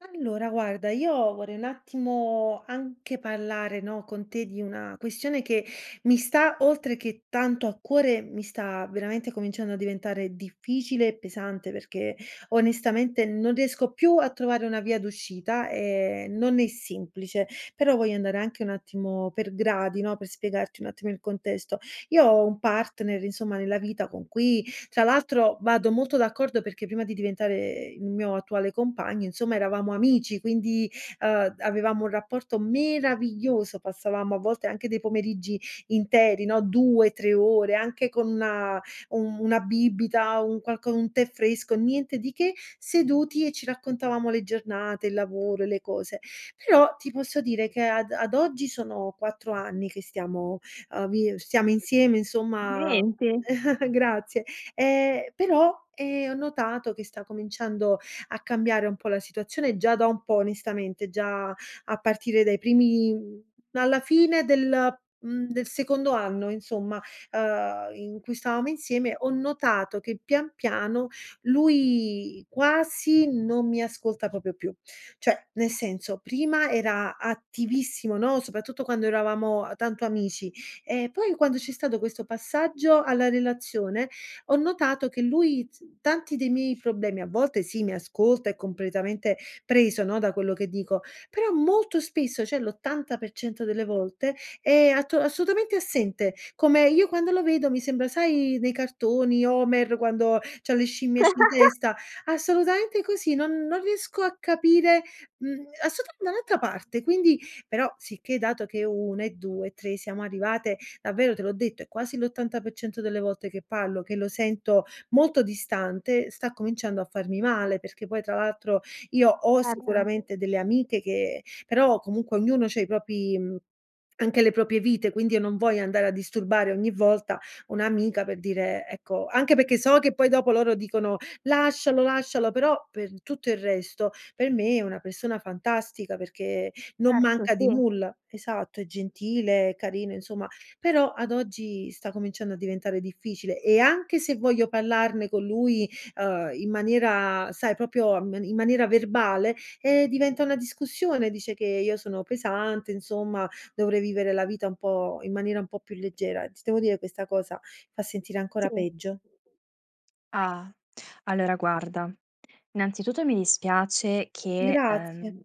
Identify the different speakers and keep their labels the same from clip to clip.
Speaker 1: Allora guarda, io vorrei un attimo anche parlare, no, con te di una questione che mi sta, oltre che tanto a cuore, mi sta veramente cominciando a diventare difficile e pesante, perché onestamente non riesco più a trovare una via d'uscita e non è semplice. Però, voglio andare anche un attimo per gradi, no, per spiegarti un attimo il contesto. Io ho un partner, insomma, nella vita con cui, tra l'altro, vado molto d'accordo, perché prima di diventare il mio attuale compagno, insomma, eravamo amici quindi, uhm, avevamo un rapporto meraviglioso, passavamo a volte anche dei pomeriggi interi, no, 2-3 ore, anche con una un una bibita, un qualco un tè fresco, niente di che, seduti e ci raccontavamo le giornate, il lavoro e le cose. Però ti posso dire, che ad ad oggi sono 4 anni che stiamo, uhm, vi stiamo insieme, insomma
Speaker 2: Lente.
Speaker 1: grazie, ehm, però, ehm, ho notato che sta cominciando a cambiare un po' la situazione, già da un po', onestamente, già a partire dai primi mhmm, alla fine del mhmm, del secondo anno, insomma, ehm, in cui stavamo insieme, ho notato che, pian piano, lui quasi non mi ascolta proprio più. Cioè, nel senso, prima era attivissimo, no? Soprattutto quando eravamo tanto amici; e poi, quando c'è stato questo passaggio alla relazione, ho notato che lui t tanti dei miei problemi a volte sì, mi ascolta è completamente preso, no, da quello che dico, però molto spesso, cioè l'80% delle volte è atto assolutamente assente come io quando lo vedo mi sembra sai nei cartoni, Homer quando c'ha le scimmiette in testa? Assolutamente così, non non riesco a capire, mhmm, assotu da un'altra parte. Quindi però, sicché dato che 1 e 2 e 3 siamo arrivate, davvero, te l'ho detto, è quasi l'80% delle volte che parlo, che lo sento molto distante, sta cominciando a farmi male perché poi, tra l'altro, io ho
Speaker 2: Erto.
Speaker 1: sicuramente delle amiche che però, comunque, ognuno c'ha i propri mhmm, anche le proprie vite, quindi io non voglio andare a disturbare ogni volta un'amica per dire, ecco anche perché so che poi dopo loro dicono: "Lascialo, lascialo". Però per tutto il resto, per me è una persona fantastica, perché non
Speaker 2: Erto,
Speaker 1: manca di
Speaker 2: sì.
Speaker 1: nulla. Esatto, è gentile, carino, insomma, però ad oggi sta cominciando a diventare difficile e anche se voglio parlarne con lui, uhm, in maniera sai proprio um in maniera verbale, eh, diventa una discussione, dice che io sono pesante, insomma, dovrei vivere la vita un po' in maniera un po' più leggera. Ti devo dire, questa cosa fa sentire ancora
Speaker 2: Sì.
Speaker 1: peggio.
Speaker 2: Ah, allora guarda, innanzitutto mi dispiace che,
Speaker 1: Grazie.
Speaker 2: ehm,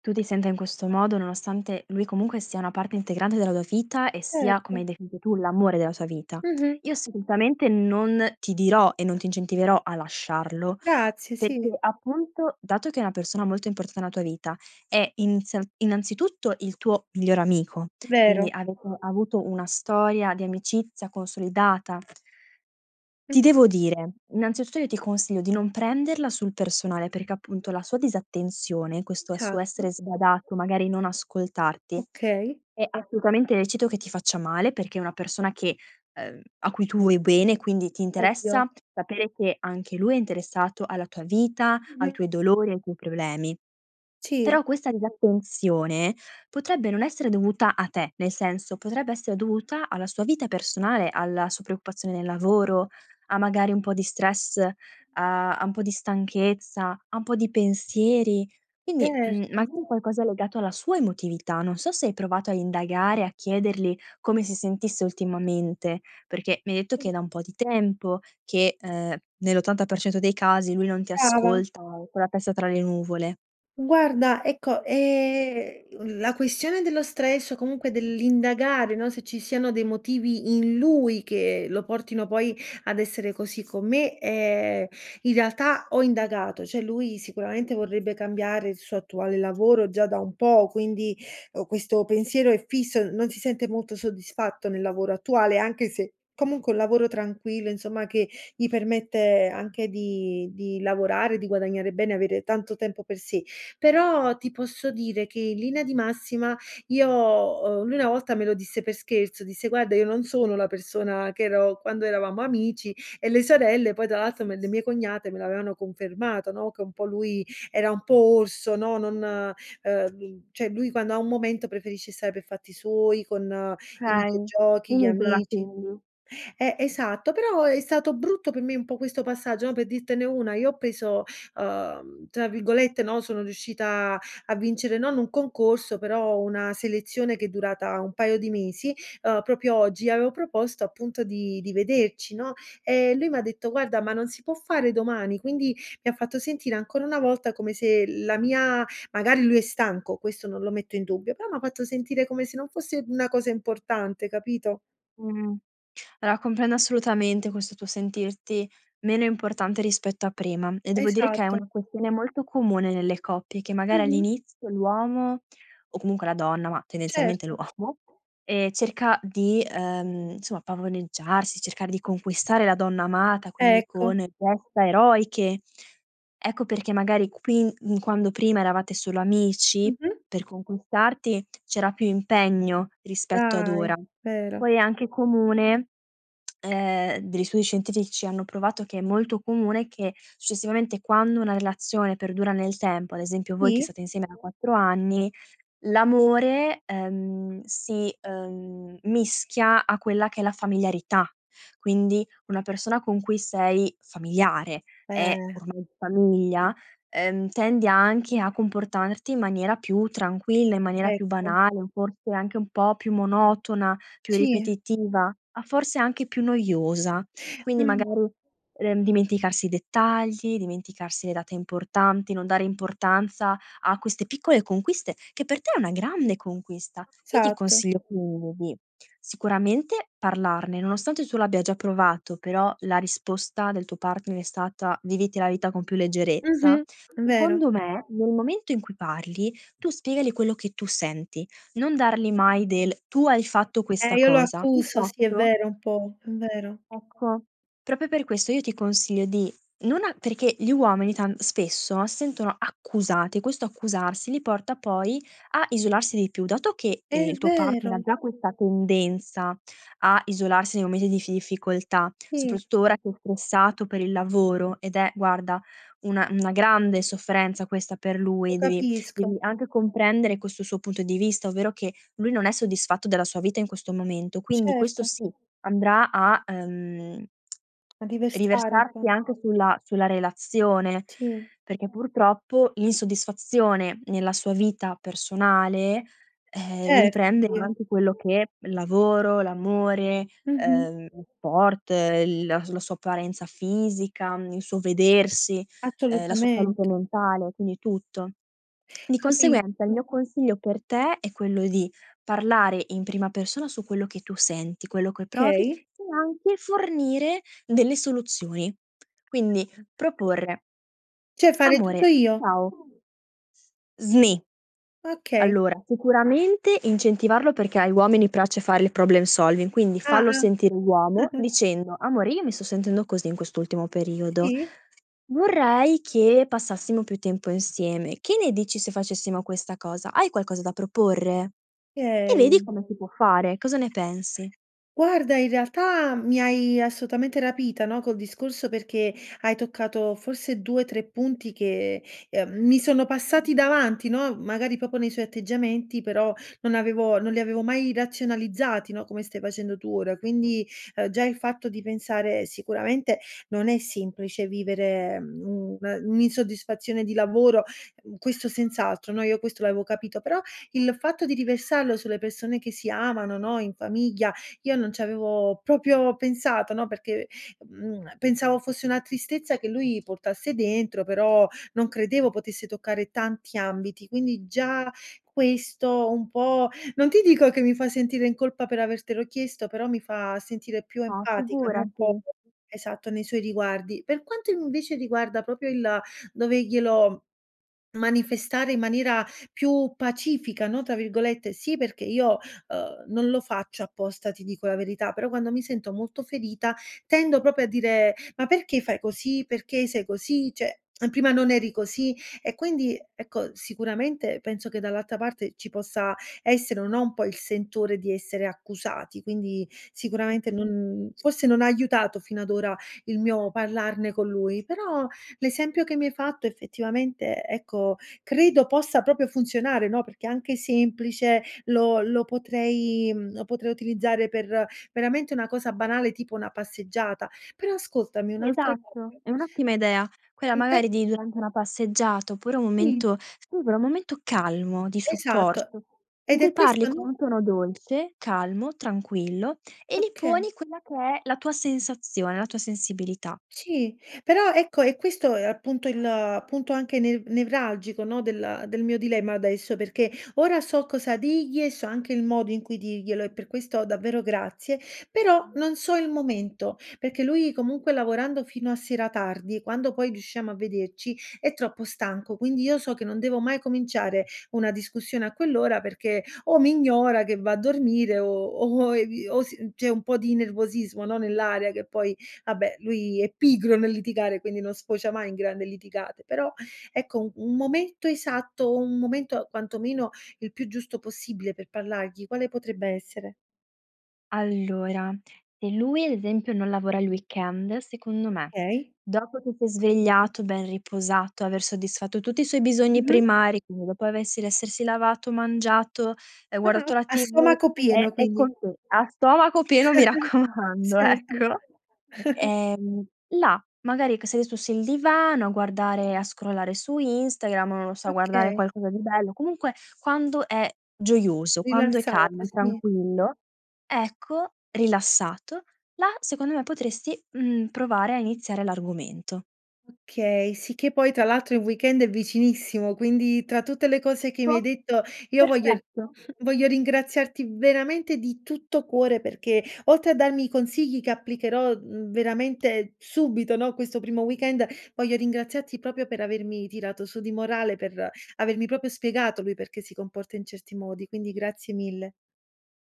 Speaker 2: tu ti senta in questo modo, nonostante lui, comunque, sia una parte integrante della tua vita e sia, come
Speaker 1: Erto.
Speaker 2: hai definito tu, l'amore della tua vita.
Speaker 1: Mh-mh.
Speaker 2: Io assolutamente non ti dirò e non ti incentiverò a lasciarlo,
Speaker 1: Grazie, sì.
Speaker 2: perché, appunto, dato che è una persona molto importante tua vita, è inizia innanzitutto il tuo migliore amico; quindi,
Speaker 1: Vero.
Speaker 2: avete avuto una storia di amicizia consolidata. Ti
Speaker 1: Mh-mh.
Speaker 2: devo dire, innanzitutto io ti consiglio di non prenderla sul personale, perché, appunto, la sua disattenzione, questo suo
Speaker 1: Esatto.
Speaker 2: essere sbadato, magari non ascoltarti,
Speaker 1: Okay.
Speaker 2: è assolutamente lecito che ti faccia male, perché è una persona che, ehm a cui tu vuoi bene, quindi ti
Speaker 1: Ovvio.
Speaker 2: interessa sapere che anche lui è interessato alla tua vita, ai
Speaker 1: Mh-mh.
Speaker 2: tuoi dolori, ai tuoi problemi;
Speaker 1: Ci
Speaker 2: però, questa disattenzione potrebbe non essere dovuta a te, nel senso, potrebbe essere dovuta alla sua vita personale, alla su preoccupazione nel lavoro, a, magari, un po' di stress, a a un po' di stanchezza, a un po' di pensieri, quindi, mhmm,
Speaker 1: Certo.
Speaker 2: magari qualcosa legato alla sua emotività. Non so se hai provato a indagare, a chiederli come si sentisse ultimamente, perché mi hai detto che è da un po' di tempo che, ehm, nell'80% dei casi lui non ti
Speaker 1: Brava.
Speaker 2: ascolta, o è con la testa tra le nuvole.
Speaker 1: Guarda ecco, ehm, l la questione dello stress o comunque dell'indagare, no, se ci siano dei motivi in lui, che lo portino, poi, ad essere così con me, ehm, in realtà ho indagato. Cioè, lui sicuramente, vorrebbe cambiare il suo attuale lavoro già da un po', quindi, o questo pensiero è fisso, non si sente molto soddisfatto nel lavoro attuale, anche se, comunque è un lavoro tranquillo, insomma, che gli permette anche di di lavorare, di guadagnare bene, avere tanto tempo per sé; però ti posso dire che in linea di massima, io o lui una volta me lo disse per scherzo, disse: "Guarda, io non sono la persona che ero quando eravamo amici"; e le sorelle poi, tra l'altro, me le mie cognate me l'avevano confermato, no, che un po' lui era un po' orso, no, non, ehm cioè lui quando ha un momento preferisce stare per fatti suoi con i
Speaker 2: Okay. Si
Speaker 1: videogiochi, gli
Speaker 2: isola,
Speaker 1: amici
Speaker 2: quindi.
Speaker 1: eh, esatto, però è stato brutto per me un po' questo passaggio, no? Per dirtene una, io ho preso, uhm, tra virgolette, no, sono riuscita a vincere non un concorso, però una selezione che è durata un paio di mesi. Uhm, proprio oggi avevo proposto, appunto di di vederci, no? E lui m'ha detto: "Guarda, ma non si può fare domani?" Quindi mi ha fatto sentire ancora una volta come se la mia magari lui è stanco, questo non lo metto in dubbio, però m'ha fatto sentire come se non fosse una cosa importante, capito?
Speaker 2: Mh. Allora, comprendo assolutamente questo tuo sentirti meno importante rispetto a prima e devo dire che è
Speaker 1: Esatto.
Speaker 2: una questione molto comune nelle coppie, che magari
Speaker 1: Mh-mh.
Speaker 2: all'inizio l'uomo o comunque la donna, ma tendenzialmente
Speaker 1: Certo.
Speaker 2: l'uomo, ehm, cerca di, ehm, insomma pavoneggiarsi, cercare di conquistare la donna amata, quindi
Speaker 1: Ecco.
Speaker 2: con gesta eroiche. Ecco perché, magari, qui in quando prima eravate solo amici,
Speaker 1: Mh-mh?
Speaker 2: per conquistarti c'era più impegno rispetto ad
Speaker 1: Dai,
Speaker 2: ora.
Speaker 1: vero.
Speaker 2: Poi è anche comune, ehm degli studi scientifici hanno provato che è molto comune, che, successivamente, quando una relazione perdura nel tempo, ad esempio voi che
Speaker 1: Sì.
Speaker 2: state insieme da 4 anni, l'amore, ehm, si, ehm, mischia a quella che è la familiarità, quindi una persona con cui sei familiare è
Speaker 1: Eh.
Speaker 2: ormai famiglia, ehm tendi anche a comportarti in maniera più tranquilla, in maniera più
Speaker 1: Ecco.
Speaker 2: banale o forse anche un po' più monotona, più
Speaker 1: Ci
Speaker 2: ripetitiva, ah, forse anche più noiosa. Quindi
Speaker 1: Mh.
Speaker 2: magari, ehm, dimenticarsi i dettagli, dimenticarsi le date importanti, non dare importanza a queste piccole conquiste, che per te è una grande conquista. Io ti
Speaker 1: Esatto.
Speaker 2: consiglio quindi, sicuramente parlarne nonostante tu l'abbia già provato, però la risposta del tuo partner è stata: "Viviti la vita con più leggerezza",
Speaker 1: Mh-mh, vero.
Speaker 2: secondo me nel momento in cui parli, tu spiegali quello che tu senti, non darli mai del: "Tu hai fatto
Speaker 1: Eh,
Speaker 2: questa
Speaker 1: io lo
Speaker 2: cosa."
Speaker 1: accuso, sì è
Speaker 2: Piuttosto
Speaker 1: vero un po', è vero.
Speaker 2: ecco, proprio per questo io ti consiglio di non a perché gli uomini tan spesso sentono accusati e questo accusarsi li porta poi a isolarsi di più. Dato che,
Speaker 1: È
Speaker 2: ehm, il tuo partner ha
Speaker 1: vero!
Speaker 2: già questa tendenza a isolarsi nei momenti di iffi ifficoltà,
Speaker 1: Sì.
Speaker 2: soprattutto ora che è stressato per il lavoro, ed è, guarda, una una grande sofferenza questa per lui. Devi
Speaker 1: Capisco.
Speaker 2: devi anche comprendere questo suo punto di vista, ovvero che lui non è soddisfatto della sua vita in questo momento, quindi questo
Speaker 1: Certo.
Speaker 2: sì andrà a ehm
Speaker 1: A diversare un po'.
Speaker 2: riversarsi anche sulla sulla relazione,
Speaker 1: Ci.
Speaker 2: perché, purtroppo, l'insoddisfazione nella sua vita personale, eh,
Speaker 1: Certo,
Speaker 2: riprende
Speaker 1: [unintelligible]
Speaker 2: anche quello che il lavoro, l'amore,
Speaker 1: Mh-mh.
Speaker 2: ehm, sport, l la la sua apparenza fisica, mhmm, il suo vedersi, ehm, la sua salute
Speaker 1: Assolutamente
Speaker 2: mentale, quindi tutto. Di
Speaker 1: Capi
Speaker 2: conseguenza il mio consiglio per te, è quello di parlare in prima persona su quello che tu senti, quello che provi,
Speaker 1: Okay.
Speaker 2: e anche fornire delle soluzioni. Quindi proporre:
Speaker 1: Cioè fare tutto
Speaker 2: "Amore,
Speaker 1: io?
Speaker 2: ciao" snì.
Speaker 1: Okay.
Speaker 2: Allora, sicuramente incentivarlo, perché ai uomini piace fare il problem solving, quindi
Speaker 1: Ah,
Speaker 2: fallo
Speaker 1: ah.
Speaker 2: sentire uomo dicendo: "Amore io mi sto sentendo così in quest'ultimo periodo.
Speaker 1: Sì.
Speaker 2: Vorrei che passassimo più tempo insieme. Che ne dici se facessimo questa cosa? Hai qualcosa da proporre?" E vedi
Speaker 1: Okay.
Speaker 2: come si può fare. Cosa ne pensi?
Speaker 1: Guarda, in realtà mi hai assolutamente rapita, no, col discorso, perché hai toccato forse 2-3 punti che, ehm, mi sono passati davanti, no? Magari proprio nei suoi atteggiamenti, però non avevo non li avevo mai razionalizzati, no? Come stai facendo tu ora. Quindi, uhm, già il fatto di pensare sicuramente non è semplice vivere, mhmm, un un'insoddisfazione di lavoro, mhmm, questo senz'altro. No, io questo l'avevo capito; però il fatto di riversarlo sulle persone che si amano, no, in famiglia, io non c'avevo proprio pensato, no? Perché, mhmm, pensavo fosse una tristezza che lui portasse dentro, però non credevo potesse toccare tanti ambiti, quindi già questo un po' non ti dico che mi fa sentire in colpa per avertelo chiesto, però mi fa sentire più
Speaker 2: Ah,
Speaker 1: empatica, non po
Speaker 2: figurati!
Speaker 1: esatto, nei suoi riguardi. Per quanto, invece, riguarda proprio il doverglielo m manifestare in maniera più "pacifica", no, tra virgolette sì perché io, uhm, non lo faccio apposta, ti dico la verità, però, quando mi sento molto ferita, tendo proprio a dire: "Ma perché fai così, perché sei così? Cioè, a prima non eri così." E quindi, ecco, sicuramente, penso che dall'alta parte ci possa essere o no, un po' il sentore di essere accusati, quindi sicuramente non forse non ha aiutato fino ad ora il mio parlarne con lui; però l'esempio che mi hai fatto, effettivamente, ecco, credo possa proprio funzionare, no? Perché è anche semplice, lo lo potrei mhmm, lo potrei utilizzare per, veramente, una cosa banale tipo una passeggiata. Però ascoltami, un'altra cosa
Speaker 2: Esatto, è un'ottima idea, quella
Speaker 1: Mh, e
Speaker 2: magari di, durante una passeggiata, oppure un
Speaker 1: Mh.
Speaker 2: momento, [unintelligible] un momento calmo, di
Speaker 1: Esatto,
Speaker 2: supporto, in
Speaker 1: ed
Speaker 2: cui
Speaker 1: è questo,
Speaker 2: parli con
Speaker 1: no
Speaker 2: un tono dolce, calmo, tranquillo e li
Speaker 1: Okay.
Speaker 2: poni quella che è la tua sensazione, la tua sensibilità.
Speaker 1: Sì. Però, ecco è questo, uhm, appunto il punto anche ne nevralgico, no, del del mio dilemma adesso, perché ora so cosa digli e so anche il modo in cui dirglielo e per questo, davvero, grazie. Però non so il momento, perché lui, comunque, lavorando fino a sera tardi e quando poi riusciamo a vederci, è troppo stanco. Quindi io so che non devo mai cominciare una discussione a quell'ora, perché o mi ignora, che va a dormire o o i o si c'è un po' di nervosismo, no, nell'aria. Che poi vabbè, lui è pigro nel litigare, quindi non sfocia mai in grande litigate però, ecco, u un momento esatto, un momento, quantomeno, il più giusto possibile per parlargli, quale potrebbe essere?
Speaker 2: Allora, se lui ad esempio, non lavora il weekend, secondo me,
Speaker 1: Okay.
Speaker 2: dopo che si è svegliato, ben riposato, aver soddisfatto tutti i suoi bisogni
Speaker 1: Mh-mh.
Speaker 2: primari, quindi dopo avessi l'essersi lavato, mangiato e
Speaker 1: Ah,
Speaker 2: guardato
Speaker 1: ok
Speaker 2: la
Speaker 1: a
Speaker 2: TV
Speaker 1: stomaco
Speaker 2: è
Speaker 1: pieno,
Speaker 2: è
Speaker 1: quindi.
Speaker 2: con te, a stomaco pieno mi raccomando,
Speaker 1: Serto.
Speaker 2: ecco, ehm, là magari che sei su s il divano a guardare a scrollare su Instagram, non lo so, a guardare
Speaker 1: Okay.
Speaker 2: qualcosa di bello, comunque quando è gioioso, quando è
Speaker 1: Rilassato,
Speaker 2: calmo, è
Speaker 1: sì.
Speaker 2: tranquillo ecco, rilassato, là secondo me potresti, mhmm, provare a iniziare l'argomento.
Speaker 1: Okay, sì che poi, tra l'altro, il weekend è vicinissimo, quindi, tra tutte le cose che mi hai detto, io voglio r
Speaker 2: Perfetto.
Speaker 1: voglio ringraziarti veramente di tutto cuore, perché, oltre a darmi consigli che applicherò, mhmm, veramente subito, no, questo primo weekend, voglio ringraziarti proprio per avermi tirato su di morale, per avermi proprio spiegato lui perché si comporta in certi modi. Quindi grazie mille.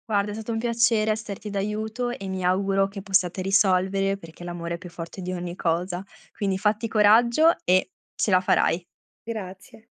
Speaker 2: Guarda, è stato un piacere esserti d'aiuto e mi auguro che possiate risolvere, perché l'amore è più forte di ogni cosa, quindi fatti coraggio e ce la farai.
Speaker 1: Grazie.